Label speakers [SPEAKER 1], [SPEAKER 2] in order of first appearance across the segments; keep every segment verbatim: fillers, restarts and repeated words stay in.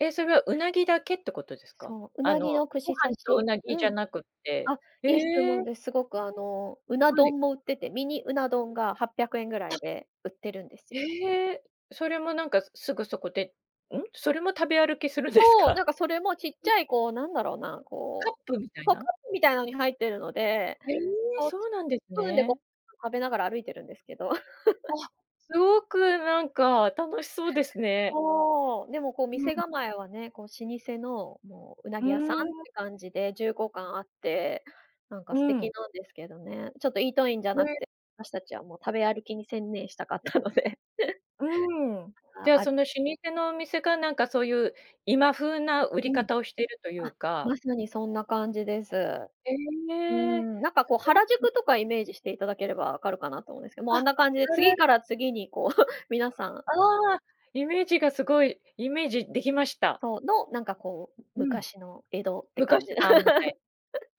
[SPEAKER 1] え、それは鰻だけってことですか？
[SPEAKER 2] そう、ウ
[SPEAKER 1] あ
[SPEAKER 2] ナ
[SPEAKER 1] の
[SPEAKER 2] ギの
[SPEAKER 1] ご
[SPEAKER 2] 串刺
[SPEAKER 1] 飯と
[SPEAKER 2] し
[SPEAKER 1] 鰻じ
[SPEAKER 2] う
[SPEAKER 1] ゃ
[SPEAKER 2] ん。
[SPEAKER 1] なくって。
[SPEAKER 2] あ、いい質
[SPEAKER 1] え
[SPEAKER 2] 問
[SPEAKER 1] え。
[SPEAKER 2] です。すごくあの、うな
[SPEAKER 1] はい。
[SPEAKER 2] 丼も売ってて、ミニうな丼がはっぴゃくえんぐら
[SPEAKER 1] あ
[SPEAKER 2] いで売ってるんです。
[SPEAKER 1] へえ、それもなんかすすぐそこでうん？それも食べ歩きするです
[SPEAKER 2] そう、な
[SPEAKER 1] か？
[SPEAKER 2] んかそれもちっちゃいこう、なんだろうな、
[SPEAKER 1] カッ
[SPEAKER 2] こ
[SPEAKER 1] プみた
[SPEAKER 2] う
[SPEAKER 1] い
[SPEAKER 2] こう
[SPEAKER 1] な？
[SPEAKER 2] カップみたいなのに入っているので、
[SPEAKER 1] ええ、
[SPEAKER 2] こう、
[SPEAKER 1] そ
[SPEAKER 2] ス
[SPEAKER 1] うなんです
[SPEAKER 2] プーンでご飯
[SPEAKER 1] ね。
[SPEAKER 2] 食べながら歩いてるんですけど。
[SPEAKER 1] あ、すごくなんか楽しそうですね。
[SPEAKER 2] そう、でもこう
[SPEAKER 1] う
[SPEAKER 2] 店
[SPEAKER 1] ん。
[SPEAKER 2] 構えはね、こう、老舗のもう
[SPEAKER 1] う
[SPEAKER 2] 鰻
[SPEAKER 1] ー
[SPEAKER 2] 屋さんっ
[SPEAKER 1] ん。
[SPEAKER 2] て感じで、重厚感あって、なんか
[SPEAKER 1] う
[SPEAKER 2] 素敵
[SPEAKER 1] ん。
[SPEAKER 2] なんですけどね。ちょっとイートインじゃ
[SPEAKER 1] へ
[SPEAKER 2] なく
[SPEAKER 1] え。
[SPEAKER 2] て、私たちはもう食べ歩きに専念したかったので。
[SPEAKER 1] うん、じ
[SPEAKER 2] あ
[SPEAKER 1] ゃ
[SPEAKER 2] ある
[SPEAKER 1] その老舗のお店がなんかそういう今風な売り
[SPEAKER 2] うん。
[SPEAKER 1] 方をしてるという
[SPEAKER 2] あ、
[SPEAKER 1] か。
[SPEAKER 2] まさにそんな感じです。
[SPEAKER 1] え
[SPEAKER 2] う
[SPEAKER 1] え。
[SPEAKER 2] ん。なんかこう
[SPEAKER 1] そう
[SPEAKER 2] 原
[SPEAKER 1] なん
[SPEAKER 2] 宿とかイメージしていただければわかるかなと思うんですけど、もう
[SPEAKER 1] あ、
[SPEAKER 2] あ
[SPEAKER 1] あ
[SPEAKER 2] んな感じで次
[SPEAKER 1] ら。
[SPEAKER 2] から次にこうみなさん
[SPEAKER 1] ああ、イメージがすごいイメージできました。
[SPEAKER 2] そう、の、なんかこう、
[SPEAKER 1] うん。
[SPEAKER 2] 昔の江戸って感
[SPEAKER 1] 昔
[SPEAKER 2] じ。
[SPEAKER 1] 版みたい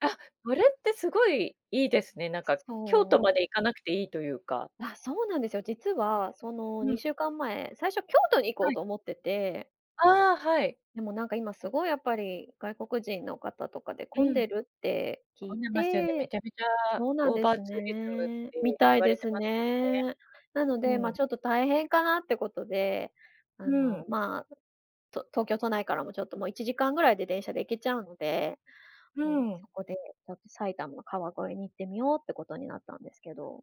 [SPEAKER 1] あ、それってすごいいいですね。なんか京都
[SPEAKER 2] そ
[SPEAKER 1] ま
[SPEAKER 2] う。
[SPEAKER 1] で行かなくていいというか。
[SPEAKER 2] あ、そうなんですよ。実はその、
[SPEAKER 1] うん。
[SPEAKER 2] にしゅうかんまえ最初京都に行こう
[SPEAKER 1] はい。
[SPEAKER 2] と思ってて
[SPEAKER 1] ああ、はい。
[SPEAKER 2] でもなんか今すごいやっぱり外国人の方とかで
[SPEAKER 1] う
[SPEAKER 2] 混ん
[SPEAKER 1] ん。
[SPEAKER 2] でるって聞
[SPEAKER 1] 混
[SPEAKER 2] い
[SPEAKER 1] んでますよね、め
[SPEAKER 2] て
[SPEAKER 1] ちゃめちゃ
[SPEAKER 2] そうなん
[SPEAKER 1] オー
[SPEAKER 2] で
[SPEAKER 1] バー
[SPEAKER 2] す
[SPEAKER 1] ツーリズムっ
[SPEAKER 2] ね、み
[SPEAKER 1] て言
[SPEAKER 2] たい
[SPEAKER 1] わ
[SPEAKER 2] で
[SPEAKER 1] れて
[SPEAKER 2] す
[SPEAKER 1] ます、ね。
[SPEAKER 2] ね。なので、ま、
[SPEAKER 1] うん。
[SPEAKER 2] ちょっと大変かなってことで、あ
[SPEAKER 1] う
[SPEAKER 2] の
[SPEAKER 1] ん。
[SPEAKER 2] まあ、と東京都内からもちょっともういちじかんぐらいで電車で行けちゃうので、
[SPEAKER 1] う
[SPEAKER 2] もう、
[SPEAKER 1] ん。
[SPEAKER 2] そこでちょっと埼玉、川越に行ってみようってことになったんですけど。